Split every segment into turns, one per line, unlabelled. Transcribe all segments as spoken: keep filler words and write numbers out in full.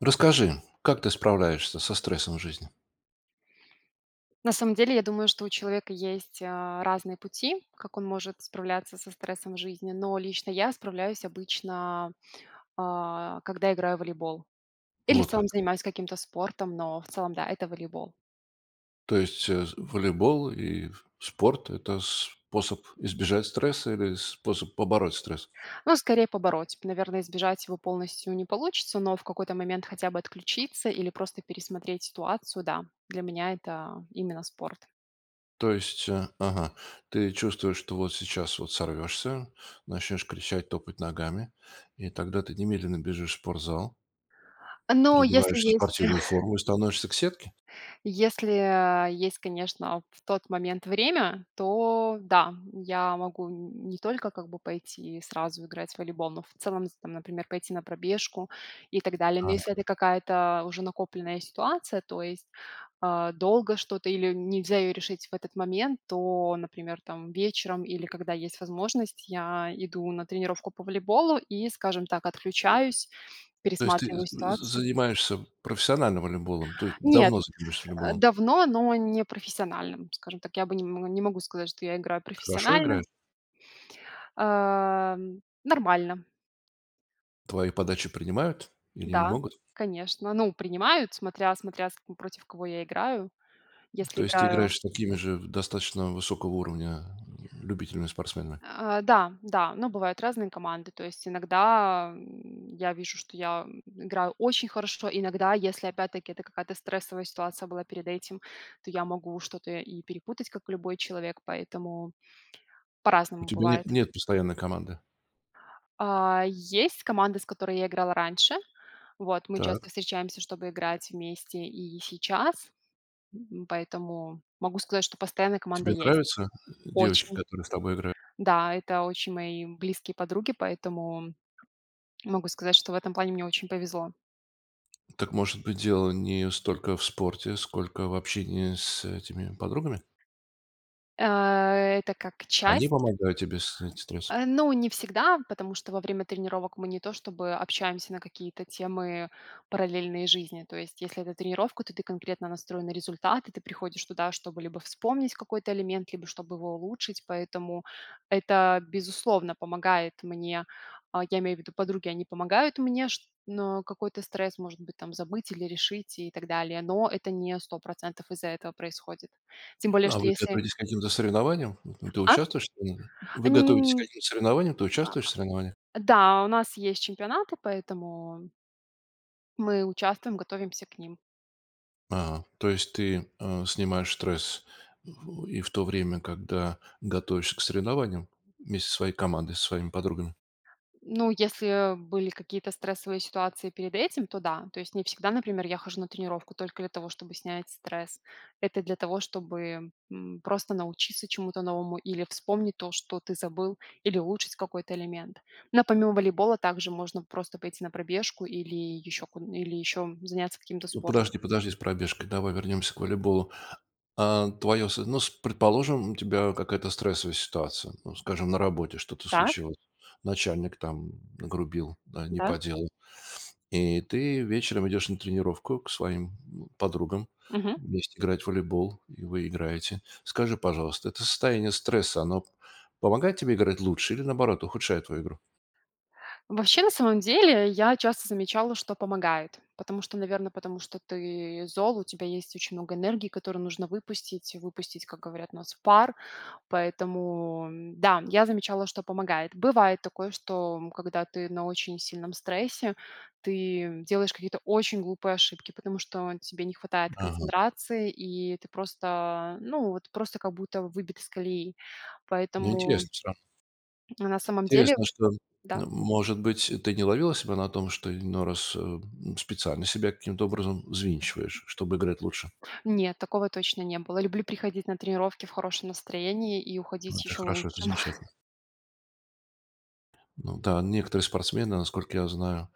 Расскажи, как ты справляешься со стрессом в жизни?
На самом деле, я думаю, что у человека есть, а, разные пути, как он может справляться со стрессом в жизни, но лично я справляюсь обычно, а, когда играю в волейбол или в
Вот
целом
как.
занимаюсь каким-то спортом, но в целом, да, это волейбол.
То есть, э, волейбол и спорт- это способ избежать стресса или способ побороть стресс?
Ну, скорее, побороть. Наверное, избежать его полностью не получится, но в какой-то момент хотя бы отключиться или просто пересмотреть ситуацию, да. Для меня это именно спорт.
То есть, э, ага, ты чувствуешь, что вот сейчас вот сорвёшься, начнёшь кричать, топать ногами, и тогда ты немедленно бежишь в спортзал
Но если
переодеваешься в
есть
спортивную форму и становишься к сетке?
Если, а, есть, конечно, в тот момент время, то да, я могу, н не только, как бы, пойти и сразу играть в волейбол, но в целом, з там, например, пойти на пробежку и так далее. Но
Ага.
если это какая-то уже накопленная ситуация, то есть, а, долго что-то или нельзя её решить в этот момент, то, например, там вечером или когда есть возможность, я иду на тренировку по волейболу и, скажем так, отключаюсь,
То есть ты
пересматриваю
з з з
ситуацию.
занимаешься профессионально волейболом, то есть
Нет,
давно занимаешься
э,
волейболом?
давно, но не профессиональным, скажем так. Я бы не, м, не не могу сказать, что я играю
Хорошо
профессионально.
играешь?
Ам, нормально.
Твои подачи принимают или не
Да,
могут?
конечно, ну, принимают, смотря смотря с к против кого я играю,
То
если
есть ты
играю.
играешь с такими же в достаточно высокого уровня любителями, спортсменами.
Э, да, да, но бывают разные команды. То есть иногда, м, я вижу, что я играю очень хорошо, иногда, если опять-таки это какая-то стрессовая ситуация была перед этим, то я могу что-то и перепутать, как и любой человек. Поэтому
У
по-разному
тебя нет
бывает.
нет постоянной команды.
А, есть команда, с которой я играла раньше. Вот, мы часто
Так.
встречаемся, чтобы играть вместе и сейчас, м, поэтому могу сказать, что постоянно команда
Тебе
есть.
нравятся девочки,
Очень!
которые с тобой игра
Да, это очень мои близкие подруги, поэтому могу сказать, что в этом плане мне очень повезло.
Так, может быть, дело не столько в спорте, сколько в общении с этими подругами?
Э, это как
Они
часть.
помогают тебе снять стресс.
Э, но не всегда, потому что во время тренировок мы не то чтобы общаемся на какие-то темы параллельной жизни. То есть если это тренировка, то ты конкретно настроен на результат, и ты приходишь туда, чтобы либо вспомнить какой-то элемент, либо чтобы его улучшить, поэтому это, безусловно, помогает мне. А, я имею в виду, подруги, они помогают мне, шт но какой-то стресс, может быть, там забыть или решить и так далее, но это не сто процентов из-за этого происходит. Тем более,
А
что
вы
если
готовитесь к каким-то соревнованиям? М, ты
А?
участвуешь в [unintelligible]
А,
вы
не
готовитесь к
м,
каким-то соревнованиям? Ты
а.
участвуешь в соревнованиях.
Да, у нас есть чемпионаты, поэтому мы участвуем, готовимся к ним.
А, то есть ты, э, снимаешь стресс и в то время, когда готовишься к соревнованиям вместе со своей командой, со своими подругами?
Ну, если, э, были какие-то стрессовые ситуации перед этим, то да. То есть не всегда, например, я хожу на тренировку только для того, чтобы снять стресс. Это для того, чтобы, м, просто научиться чему-то новому или вспомнить то, что ты забыл, или улучшить какой-то элемент. Но помимо волейбола также можно просто пойти на пробежку или еще ку или еще заняться каким-то спортом.
Подожди подожди с пробежкой, давай вернемся к волейболу. А, твоё с ну с предположим, у тебя какая-то стрессовая ситуация, ну, скажем, на работе что-то
Так.
случилось, начальник там нагрубил, да, не
Да.
по делу, и ты вечером идешь на тренировку к своим подругам
Мгм.
вместе играть в волейбол, и вы играете. Скажи, пожалуйста, это состояние стресса, оно помогает тебе играть лучше или, наоборот, ухудшает твою игру?
Вообще, на самом деле, я часто замечала, что помогает, потому что, наверно, потому что ты зол, у тебя есть очень много энергии, которую нужно выпустить выпустить, как говорят у нас, пар, поэтому, да, я замечала, что помогает. Бывает такое, что, м, когда ты на очень сильном стрессе, ты делаешь какие-то очень глупые ошибки, потому что, э, тебе не хватает
Ага.
концентрации, и ты просто, ну вот, просто как будто выбит из колеи.
Но
Поэтому
интересно всё равно.
Ну, на самом деле,
Интересно, что,
да.
может быть, ты не ловила себя на том, что иной раз, э, специально себя каким-то образом взвинчиваешь, чтобы играть лучше?
Нет, такого точно не было. Люблю приходить на тренировки в хорошем настроении и уходить
Это
ещё в
хорошо, это
лучшем.
замечательно. Ну да, некоторые спортсмены насколько я знаю,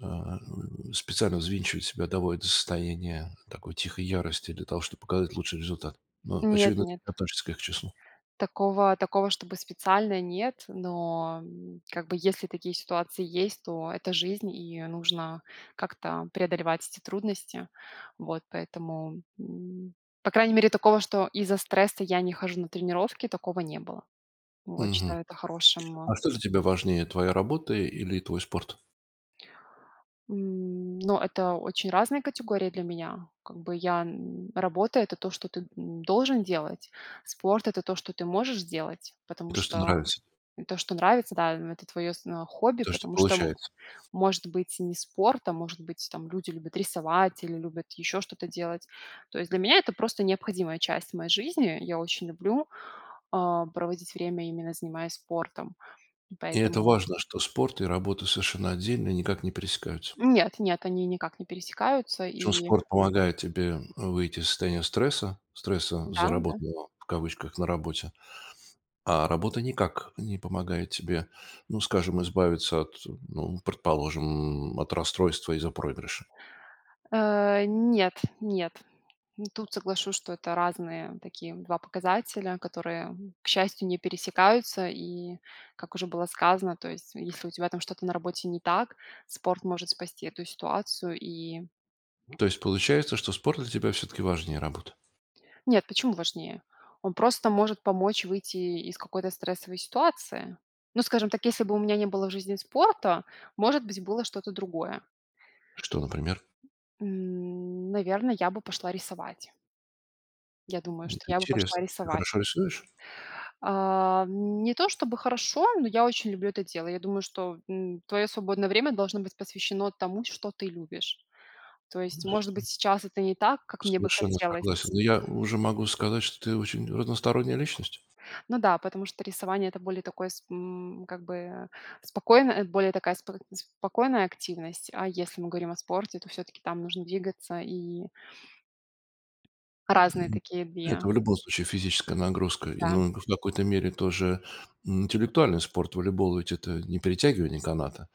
а, м, специально взвинчивают себя, доводят до состояния такой тихой ярости для того, чтобы показать лучший результат. Ну
Нет,
очевидно,
нет.
ты относишься к их числу.
Такого, такого чтобы специально нет, но, м, как бы, если такие ситуации есть, то это жизнь, и нужно как-то преодолевать эти трудности. Вот, поэтому, м, по крайней мере, такого, что из-за стресса я не хожу на тренировки, такого не было. Вот.
Мгм.
Считаю это хорошим
А что для тебя важнее твоя работа или твой спорт?
М, но это очень разные категории для меня. Как бы я н работа- это то, что ты, м, должен делать. Спорт- это то, что ты можешь делать, потому
То что
что,
нравится.
то, что нравится, да это твое сно хобби,
То что
потому что м
получается.
может быть не спорт, а может быть там люди любят рисовать или любят еще что-то делать. То есть для меня- это просто необходимая часть моей жизни. Я очень люблю, а, проводить время, именно занимаясь спортом,
И это
поэтому
важно, что спорт и работа совершенно отдельные, и никак не пересекаются.
Нет нет, они никак не пересекаются,
Причем
и
спорт помогает тебе выйти из состояния стресса, стресса
Да, да.
заработанного в кавычках "на работе". А работа никак не помогает тебе, ну скажем, избавиться от, ну предположим, м, от расстройства из-за проигрыша.
Э, нет, нет. Тут соглашусь, что это разные такие два показателя, которые, к счастью, не пересекаются, и как уже было сказано, то есть, если у тебя там что-то на работе не так, спорт может спасти эту ситуацию, и
То есть получается, что спорт для тебя все-таки важнее работы?
Нет, почему важнее? Он просто может помочь выйти из какой-то стрессовой ситуации. Ну, скажем так, если бы у меня не было в жизни спорта, может быть было что-то другое.
Что, например?
М. Наверное, я бы пошла рисовать. Я думаю,
М,
что я бы пошла
интересно, ты
рисовать.
хорошо рисуешь?
А, не то, чтобы хорошо, но я очень люблю это дело. Я думаю, что, м, твое свободное время должно быть посвящено тому, что ты любишь. То есть, может быть,
[unintelligible]
сейчас это не так, как мне бы
Совершенно
хотелось.
согласен. Ну, я уже могу сказать, что ты очень разносторонняя личность.
Ну да, потому что рисование- это более такое сп м, как бы, э, спокойная, более такая сп спокойная активность. А если мы говорим о спорте, то все-таки там нужно двигаться, и Разные
М.
такие
Это
две.
в любом случае физическая нагрузка, и,
Да.
ну в какой-то мере тоже, м, интеллектуальный спорт волейбол ведь это не перетягивание каната,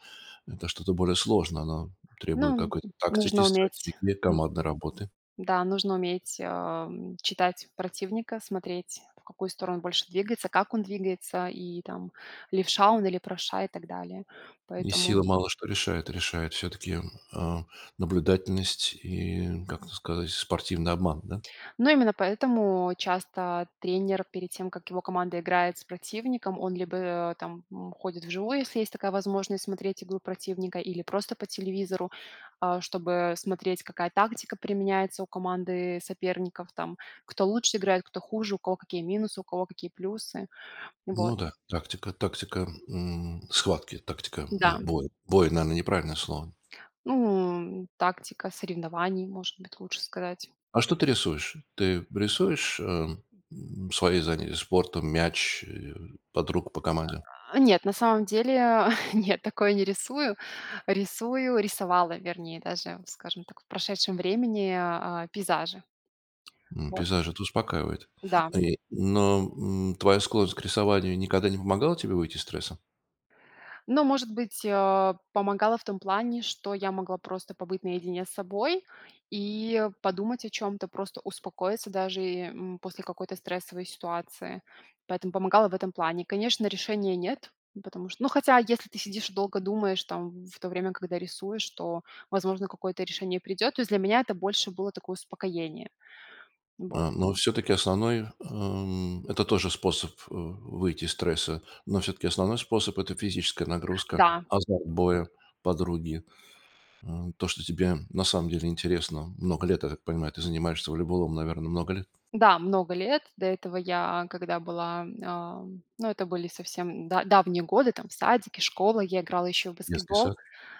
это что-то более сложное, оно требует
Ну,
какой-то тактики,
нужно уметь,
стратегии,
м,
командной работы.
да, нужно уметь, ам, читать противника, смотреть в какую сторону больше двигается, как он двигается, и там левша он или правша, и так далее.
И
Поэтому
сила мало что решает решает все-таки, м, а, наблюдательность и, как это сказать, спортивный обман, да.
Но именно поэтому часто тренер перед тем, как его команда играет с противником, он либо, а, там, м, ходит вживую, если есть такая возможность, смотреть игру противника или просто по телевизору. А, чтобы смотреть, какая тактика применяется у команды соперников, там кто лучше играет, кто хуже, у кого какие минусы, у кого какие плюсы. Вот.
Ну да, тактика, тактика, м, схватки, тактика,
Да.
м, боя. Бой, наверное, неправильное слово.
Ну, тактика соревнований, может быть, лучше сказать.
А что ты рисуешь? Ты рисуешь, эм, свои заня спортом мяч, э, подруг по команде?
А, нет, на самом деле нет, такое не рисую. Рисую, рисовала, вернее, даже, скажем так, в прошедшем времени, а, пейзажи.
М,
Вот.
пейзажи это успокаивает,
Да.
и но, м, твоя склонность к рисованию никогда не помогала тебе выйти из стресса?
Но может быть, а, помогала в том плане, что я могла просто побыть наедине с собой и подумать о чем-то, просто успокоиться даже, э, м, после какой-то стрессовой ситуации. Поэтому помогала в этом плане. Конечно, решения нет, потому что Ну хотя, если ты сидишь и долго думаешь там в то время, когда рисуешь, то, возможно, какое-то решение и придет. То есть для меня это больше было такое успокоение. Вот.
А, но все-таки основной, ам, это тоже способ, а, выйти из стресса, но все-таки основной способ- это физическая нагрузка,
Да.
азарт боя, подруги, а, то что тебе на самом деле интересно. Много лет, я так понимаю, ты занимаешься волейболом, наверное много лет.
Да, много лет. До этого я, когда была, ам, ну это были совсем да давние годы, там садики, школы, я играла еще в
Детский
баскетбол,
сад.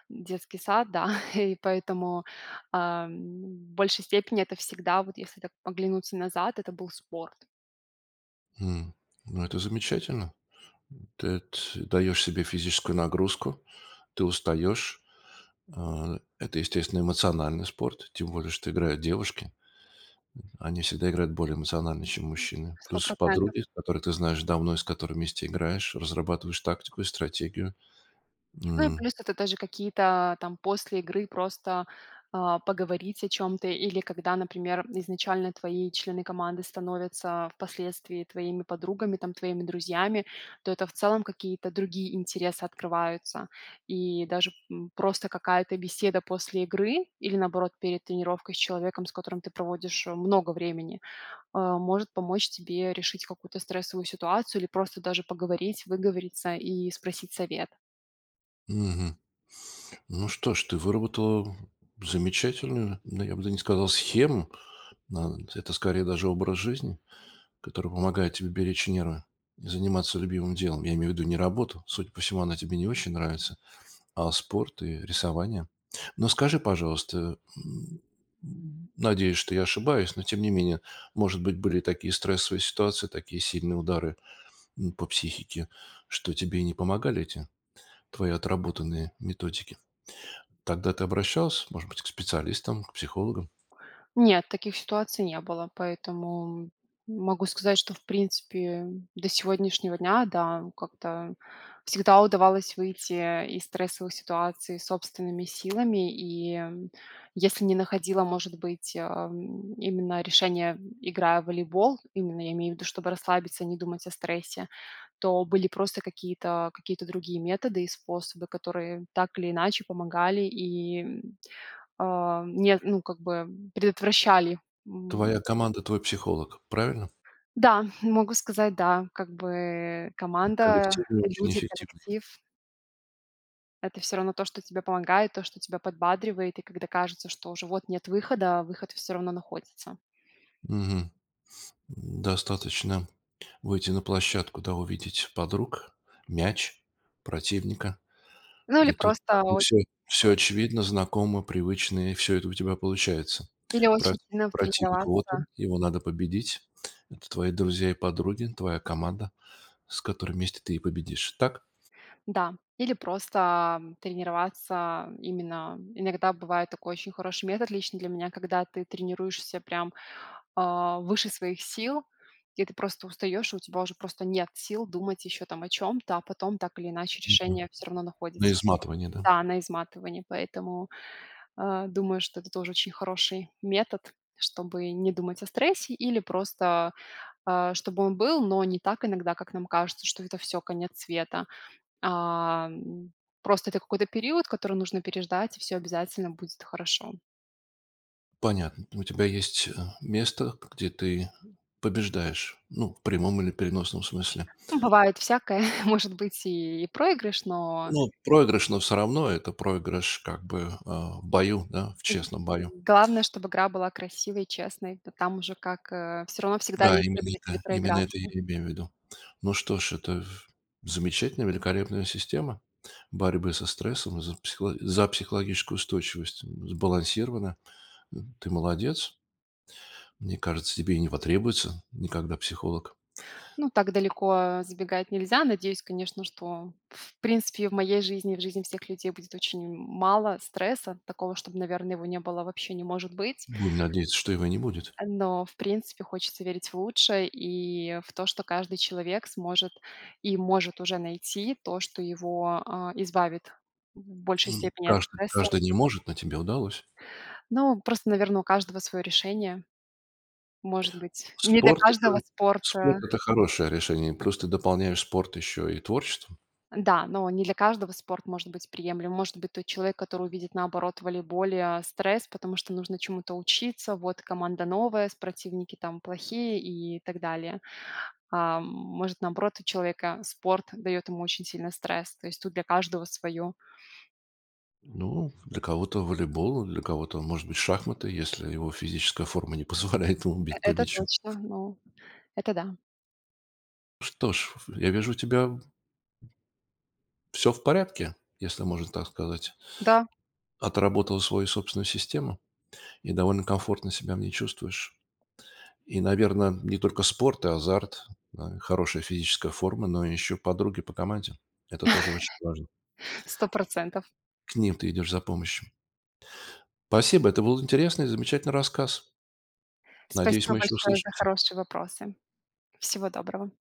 в детский сад, да. И поэтому, а, в большей степени это всегда, вот если так оглянуться назад, это был спорт.
М, ну это замечательно, ты т даешь себе физическую нагрузку, ты устаешь, а, это естественно эмоциональный спорт, тем более что играют девушки, они всегда играют более эмоционально, чем мужчины.
сто
Плюс
процентов.
подруги, с которой ты знаешь давно и с которыми вместе играешь, разрабатываешь тактику и стратегию,
Ну и
м.
плюс это даже какие-то там после игры просто, а, поговорить о чем-то или когда, например, изначально твои члены команды становятся впоследствии твоими подругами, там твоими друзьями. То это в целом какие-то другие интересы открываются. И даже, м, просто какая-то беседа после игры или наоборот перед тренировкой с человеком, с которым ты проводишь много времени, а, может помочь тебе решить какую-то стрессовую ситуацию или просто даже поговорить, выговориться и спросить совет.
Мгм. Ну что ж, ты выработала замечательную, да, я бы да не сказал схему, нан это скорее даже образ жизни, который помогает тебе беречь нервы и заниматься любимым делом. Я имею ввиду не работу, судя по всему, она тебе не очень нравится, а спорт и рисование. Но скажи пожалуйста, э, м, м, надеюсь что я ошибаюсь, но тем не менее, может быть были такие стрессовые ситуации, такие сильные удары, м, по психике, что тебе не помогали эти твои отработанные методики. Тогда ты обращался, может быть к специалистам, к психологам?
Нет, таких ситуаций не было, поэтому могу сказать, что в принципе до сегодняшнего дня, да, как-то всегда удавалось выйти из стрессовых ситуаций собственными силами. И если не находила, может быть, а, именно решения, играя в волейбол, именно я имею в виду, чтобы расслабиться и не думать о стрессе. То были просто какие-то какие-то другие методы и способы, которые так или иначе помогали и, а, не ну как бы, предотвращали, м.
Твоя команда- твой психолог, правильно?
Да, могу сказать, да. Как бы, команда,
Коллективный, очень
люди,
эффективный.
коллектив. Это всё равно то, что тебе помогает, то, что тебя подбадривает, и когда кажется, что уже вот нет выхода, выход всё равно находится.
Мгм. М, достаточно выйти на площадку, да, увидеть подруг, мяч, противника,
Ну, или
и тут как
просто
бы всё,
очень.
всё
[unintelligible]
очевидно знакомо привычно, и всё это у тебя получается.
Или
Про
очень сильно
противник- вот он,
тренироваться.
его надо победить, это твои друзья и подруги- твоя команда, с которой вместе ты и победишь. Так?
Да, или просто тренироваться именно, иногда бывает такой очень хороший метод, лично для меня, когда ты тренируешься прям, а, выше своих сил, и ты просто устаешь, у тебя уже просто нет сил думать еще там о чем-то, а потом так или иначе
Мгм.
решение всё равно
На
находится.
изматывание, да.
Да, на изматывании. Поэтому, э, думаю, что это тоже очень хороший метод, чтобы не думать о стрессе или просто, а, чтобы он был, но не так иногда, как нам кажется, что это всё, конец света. А, просто это какой-то период, который нужно переждать, и всё обязательно будет хорошо.
Понятно, у тебя есть, э, место, где ты побеждаешь, ну в прямом или переносном смысле.
Ум бывает всякое, может быть и проигрыш, но
Ну, проигрыш, но всё равно это проигрыш, как бы, а, в бою, да, в
М,
честном бою.
главное, чтоб игра была красивой и честной, то там уже, как, э, всё равно всегда
Да,
есть
именно
победитель и
ка именно это, я
проигравший.
и имею ввиду. Ну что ж это, ф замечательная великолепная система борьбы со стрессом и за психоло за психологическую устойчивость сбалансирована, ты молодец. Мне кажется тебе и не потребуется никогда психолог.
Ну так далеко, а, забегать нельзя. Надеюсь, конечно, что в принципе в моей жизни, в жизни всех людей будет очень мало стресса. Такого, чтоб, наверно, его не было, вообще не может быть.
Будем надеяться, что его и не будет.
А, но в принципе хочется верить в лучшее и, а, в то, что каждый человек сможет и может уже найти то, что его, а, избавит в большей степени от
Каждый
стресса
каждый не может, но тебе удалось.
Но просто, наверно, у каждого свое решение. Может быть, не для
Спорт
каждого
это спорт
спорта.
это хорошее решение, и плюс ты дополняешь спорт ещё и творчеством.
Н-да, но не для каждого спорт может быть приемлем. Может быть тот человек, который увидит наоборот в волейболе, а, стресс, потому что нужно чему-то учиться, вот команда новая, с противники там плохие и так далее. А, может наоборот у человека спорт даёт ему очень сильный стресс, то есть тут для каждого свое.
Ну для кого-то волейбол, а, для кого-то может быть шахматы, если его физическая форма не позволяет ему
Э
бить по
это
мячу.
точно, ну, это да.
Что ж, ф я вижу у тебя в всё в порядке если можно и так сказать.
Да.
Отработала свою собственную систему и довольно комфортно себя в ней чувствуешь и наверно не только спорт и азарт, на и хорошая физическая форма, но и ещё подруги по команде это тоже очень важно.
сто процентов.
К ним ты идешь за помощью. Спасибо это был интересный и замечательный рассказ. Надеюсь
Спасибо
мы еще
большое за
услышимся.
хорошие вопросы! Всего доброго!